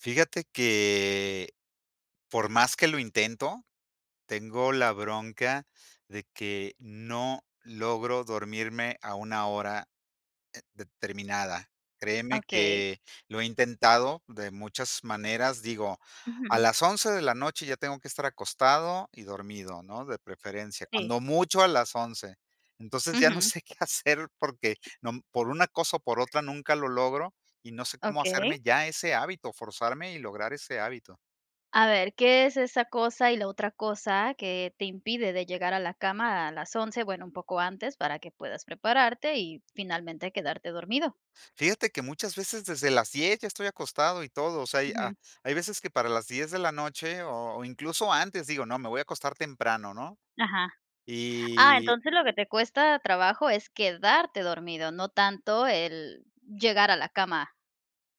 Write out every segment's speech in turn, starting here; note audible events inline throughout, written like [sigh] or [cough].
Fíjate que, por más que lo intento, tengo la bronca de que no logro dormirme a una hora, eh, determinada. Créeme Okey. que lo he intentado de muchas maneras, digo, a Ujú. las 11 de la noche ya tengo que estar acostado y dormido, ¿no?, de preferencia. Sí. Cuando mucho a las 11. Entonces, ya no Ujú. sé qué hacer porque no, mm, por una cosa o por otra nunca lo logro y no sé cómo Okey. hacerme ya ese hábito, forzarme y lograr ese hábito. A ver, ¿qué es esa cosa y la otra cosa que te impide de llegar a la cama a las 11? Bueno, un poco antes para que puedas prepararte y finalmente quedarte dormido. Fíjate que muchas veces desde las 10 ya estoy acostado y todo, o sea, y ha Ujú. hay veces que para las 10 de la noche o o incluso antes, digo: "No, me voy a acostar temprano", ¿no? Ajá. Ah, Y entonces lo que te cuesta trabajo es quedarte dormido, no tanto el llegar a la cama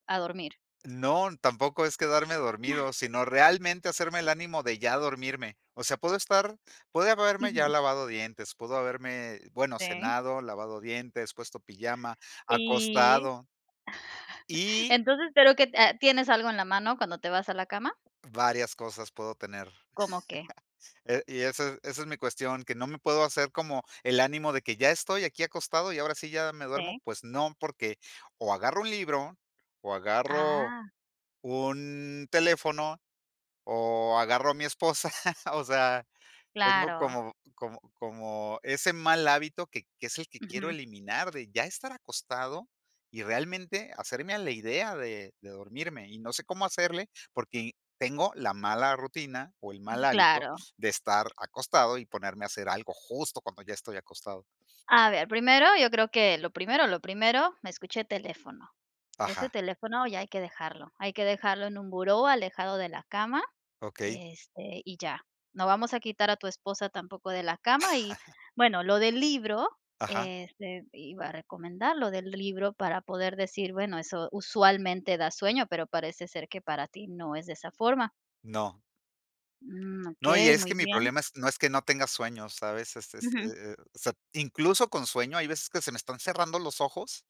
a dormir. No, tampoco es quedarme dormido, sino realmente hacerme el ánimo de ya dormirme. O sea, puedo estar puedo haberme ya Ujú. lavado dientes, puedo haberme, bueno, Sì. cenado, lavado dientes, puesto pijama, Sí. acostado [chuckles] y Entonces, pero que te ah, ¿tienes algo en la mano cuando te vas a la cama? Varias cosas puedo tener, ¿Cómo qué? [laughs] eh, y esa, e esa es mi cuestión, que no me puedo hacer como el ánimo de que ya estoy aquí acostado y ahora sí ya me duermo. Sí. Pues no, porque o agarro un libro o agarro Ah. un teléfono o agarro a mi esposa. [laughs] O sea, tengo Claro. como como como ese mal hábito que que es el que quiero Ujú. eliminar de ya estar acostado y realmente hacerme a la idea de de dormirme. Y no sé cómo hacerle, porque y tengo la mala rutina o el mal hábito Claro. de estar acostado y ponerme a hacer algo justo cuando ya estoy acostado. A ver, primero yo creo que lo primero, lo primero, escuché teléfono. Ese Ajá. teléfono ya hay que dejarlo, hay que dejarlo en un buró alejado de la cama, Okey. este, y ya. No vamos a quitar a tu esposa tampoco de la cama y, [chuckles] bueno, lo del libro, Ajá. este, iba a recomendar lo del libro para poder decir: "Bueno, eso usualmente da sueño", pero parece ser que para ti no es de esa forma. No. Mm, No, y okey, es muy que mi bien. problema es no es que no tenga sueño, ¿sabes? Es es, Ujú. eh eh, o sea, incluso con sueño, hay veces que se me están cerrando los ojos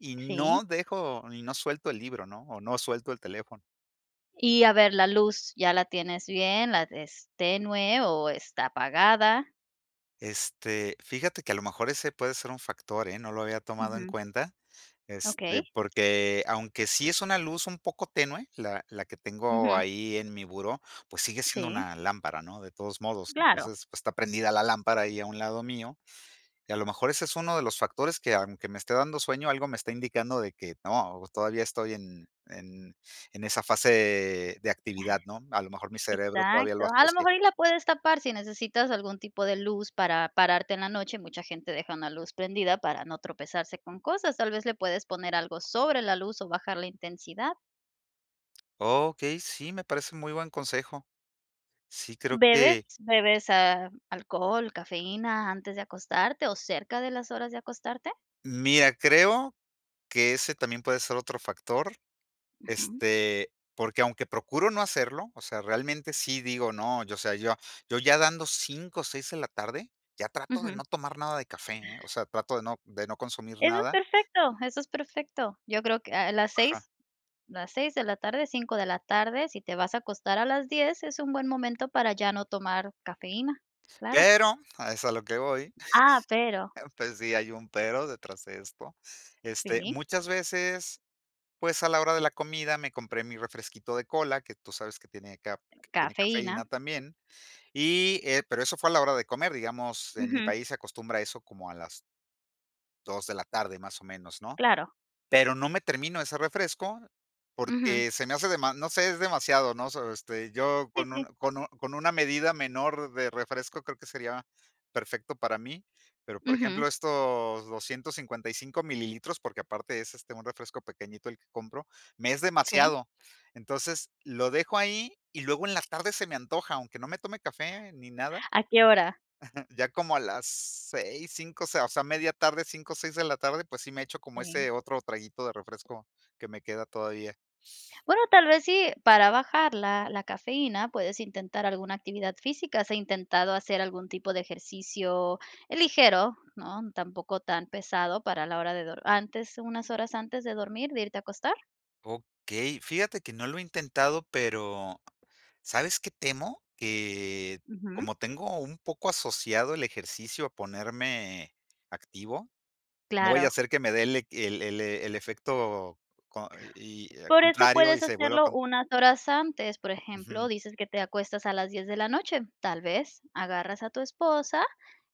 y Sí. no dejo y no suelto el libro, ¿no? O no suelto el teléfono. Y a ver la luz. ¿Ya la tienes bien? ¿La es tenue o está apagada? Este, fíjate que a lo mejor ese puede ser un factor, ¿eh? No lo había tomado en Ujù. cuenta. Este, Okey. porque aunque sí es una luz un poco tenue, la la que tengo Ujú. ahí en mi buró, pues sigue siendo Sí. una lámpara, ¿no?, de todos modos. Claro. Entonces, pues está prendida la lámpara ahí a un lado mío. Y a lo mejor ese es uno de los factores que, aunque me esté dando sueño, algo me está indicando de que, no, todavía estoy en en en esa fase de actividad, ¿no? A lo mejor mi cerebro todavía lo Exacto. A lo asocie. mejor y la puedes tapar si necesitas algún tipo de luz para pararte en la noche, mucha gente deja una luz prendida para no tropezarse con cosas. Tal vez le puedes poner algo sobre la luz o bajar la intensidad. Okey, sí, me parece muy buen consejo. Sí, creo ¿Bebes que bebes, ah, alcohol, cafeína antes de acostarte o cerca de las horas de acostarte? Mira, creo que ese también puede ser otro factor, Ujú. este, porque, aunque procuro no hacerlo, o sea, realmente sí digo: "No", yo, o sea, yo a yo ya dando 5 o 6 en la tarde, ya trato de Ujú. no tomar nada de café, ¿eh? O sea, trato de no de no consumir Eso es nada perfecto, eso es perfecto. Yo creo que, ah, a las Ajá. 6, las 6 de la tarde, 5 de la tarde, si te Eh vas a acostar a las 10, es un buen momento para ya no tomar cafeína, claro. Pero, a eso es a lo que voy. Ah, pero Pues, sí hay un pero detrás de esto. Este, Sí. muchas veces, pues, a la hora de la comida, me compré mi refresquito de cola, que tú sabes que tiene caf tiene Cafeína. cafeína también. Y, eh, pero eso fue a la hora de comer, digamos, en mi Ujú. país se acostumbra eso como a las 2 de la tarde, más o menos, ¿no? Claro. Pero no me termino ese refresco Ujú. porque se me hace, dema no sé, es demasiado, ¿no? So este, yo Sí, con un sí. con un con una medida menor de refresco creo que sería perfecto para mí. Pero, por Ujú. ejemplo, estos 255 mililitros, porque aparte es, este, un refresco pequeñito el que compro, me es Sí. demasiado. Entonces, lo dejo ahí y luego en la tarde se me antoja, aunque no me tome café ni nada. ¿A qué hora? [chuckles] Ya como a las 6, 5, o sea, media tarde, 5, o 6 de la tarde, pues sí me echo como ese Sí. otro traguito de refresco que me queda todavía. Bueno, tal vez sí, para bajar la la cafeína puedes intentar alguna actividad física, ¿has intentado hacer algún tipo de ejercicio ligero?, ¿no? Tampoco tan pesado para la hora de dor antes, unas horas antes de dormir, de irte a acostar. Okey, fíjate que no lo he intentado, pero, ¿sabes qué temo? Que, ¿Ujú? como tengo un poco asociado el ejercicio a ponerme activo, no vaya a Claro. ser que me dé el, eh que el el el efecto co co y y, eh, Por eso contrario puedes y se vuelva hacerlo cont unas horas antes, por ejemplo, Ujú. dices que te acuestas a las 10 de la noche, tal vez agarras a tu esposa,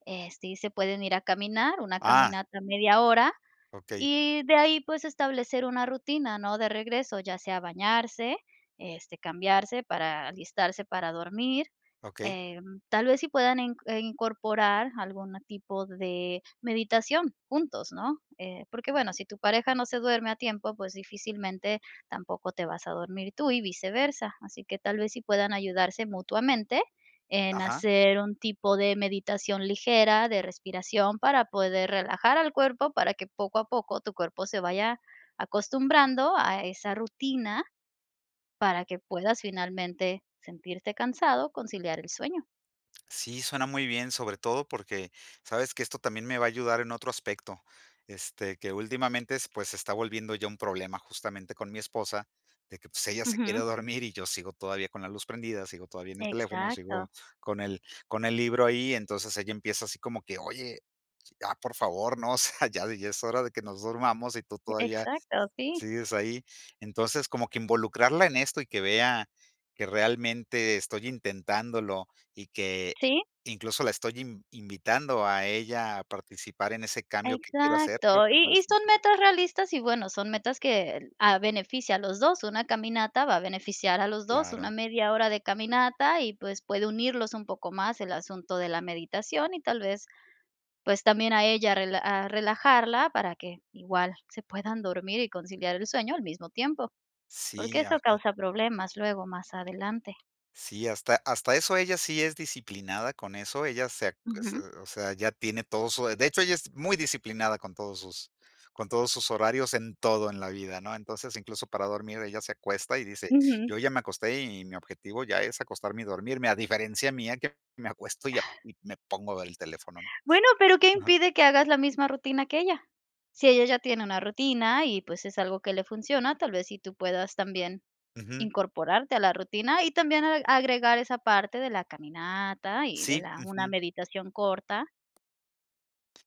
este, y se pueden ir a caminar, una Ah. caminata media hora Okey. y de ahí, pues, establecer una rutina, ¿no? De regreso, ya sea bañarse, este, cambiarse para alistarse para dormir, Okey. eh, tal vez sí puedan in eh, incorporar algún tipo de meditación juntos, ¿no?, eh, porque, bueno, si tu pareja no se duerme a tiempo, pues, difícilmente tampoco te vas a dormir tú y viceversa, así que tal vez sí puedan ayudarse mutuamente en Ajá. hacer un tipo de meditación ligera, de respiración para poder relajar al cuerpo para que poco a poco tu cuerpo se vaya acostumbrando a esa rutina para que puedas finalmente sentirte cansado, conciliar el sueño. Sí, suena muy bien, sobre todo porque sabes que esto también me va a ayudar en otro aspecto, este, que últimamente es pues, se está volviendo ya un problema justamente con mi esposa, de que, pues, ella se quiere Ujú. dormir y yo sigo todavía con la luz prendida, sigo todavía en el teléfono, Exacto. sigo con el con el libro ahí, entonces ella empieza así como que: "Oye, ya, por favor, no, o sea, ya ya es hora de que nos durmamos y tú todavía Exacto, sí. sigues ahí", entonces como que involucrarla en esto y que vea que realmente estoy intentándolo y que Sí. incluso la estoy inv invitando a ella a participar en ese cambio que quiero hacer, creo Exacto, que y y parece muy son sano. metas realistas y, bueno, son metas que el ah, beneficia a los 2 una caminata, va a beneficiar a los 2 una Claro. media hora de caminata y, pues, puede unirlos un poco más el asunto de la meditación y tal vez, pues, también a ella a rela a relajarla para que igual se puedan dormir y conciliar el sueño al mismo tiempo, porque Sí, eso ajá. causa problemas luego más adelante. Sí, hasta hasta eso ella sí es disciplinada con eso. Ella se ac se Ujú. o sea, ya tiene todo su De hecho, ella es muy disciplinada con todos sus con todos sus horarios en todo en la vida, ¿no? Entonces, incluso para dormir, ella se acuesta y dice: Ujú. "Yo ya me acosté y mi objetivo ya es acostarme y dormirme", a diferencia mía, que me acuesto y a y me pongo a ver el teléfono, ¿no? Bueno, pero ¿qué Ajá. impide que hagas la misma rutina que ella? Si ella ya tiene una rutina y, pues, es algo que le funciona, tal vez sí tú puedas también Ujú. incorporarte a la rutina y también ag agregar esa parte de la caminata y de Sí, la una ujú. meditación corta.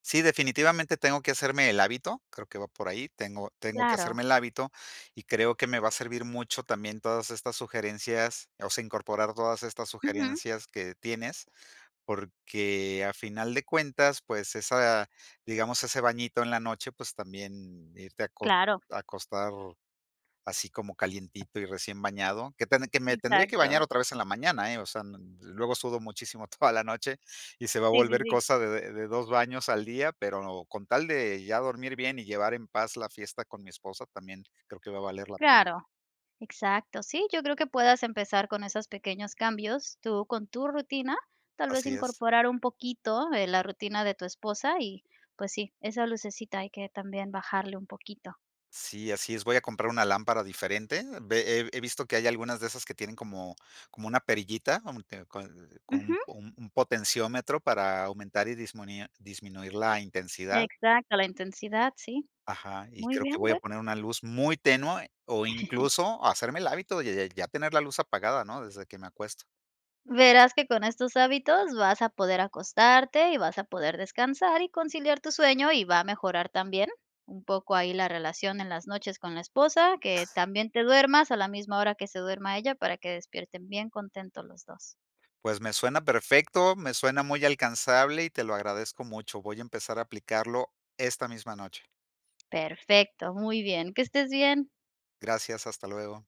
Sí, definitivamente tengo que hacerme el hábito, creo que va por ahí, tengo tengo que Claro. hacerme el hábito, y creo que me va a servir mucho también todas estas sugerencias, o sea, incorporar todas estas Ujú. sugerencias que tienes, porque a final de cuentas, pues esa, digamos, ese bañito en la noche, pues también irte acos Claro. a acostar así como calientito y recién bañado. Que tamb que me tendré que Exacto. bañar otra vez en la mañana, ¿eh? O sea, no n yo luego sudo muchísimo toda la noche y se va a Sí, sí, volver sí. cosa de de de 2 baños al día, pero con tal de ya dormir bien y llevar en paz la fiesta con mi esposa, también creo que va a valer la pena. Claro. Exacto, sí, yo creo que puedas empezar con esos pequeños cambios tú con tu rutina, tal vez Así es. incorporar un poquito de la rutina de tu esposa y, pues sí, esa lucecita hay que también bajarle un poquito. Sí, así es. Voy a comprar una lámpara diferente. Ve he he visto que hay algunas de esas que tienen como como una perillita como que con l con un Ujú. po un potenciómetro para aumentar y dismunir la intensidad. Exacto, la intensidad, sí. Ajá. Y Muy creo que bien, voy a bueno. poner una luz muy tenue, o [chuckles] incluso hacerme el hábito, de ya ya tener la luz apagada, ¿no?, desde que me acuesto. Verás que con estos hábitos vas a poder acostarte y vas a poder descansar y conciliar tu sueño y va a mejorar también un poco ahí la relación en las noches con la esposa, que también te duermas a la misma hora que se duerma ella para que despierten bien contentos los dos. Pues me suena perfecto, me suena muy alcanzable y te lo agradezco mucho. Voy a empezar a aplicarlo esta misma noche. Perfecto, muy bien, que estés bien. Gracias, hasta luego.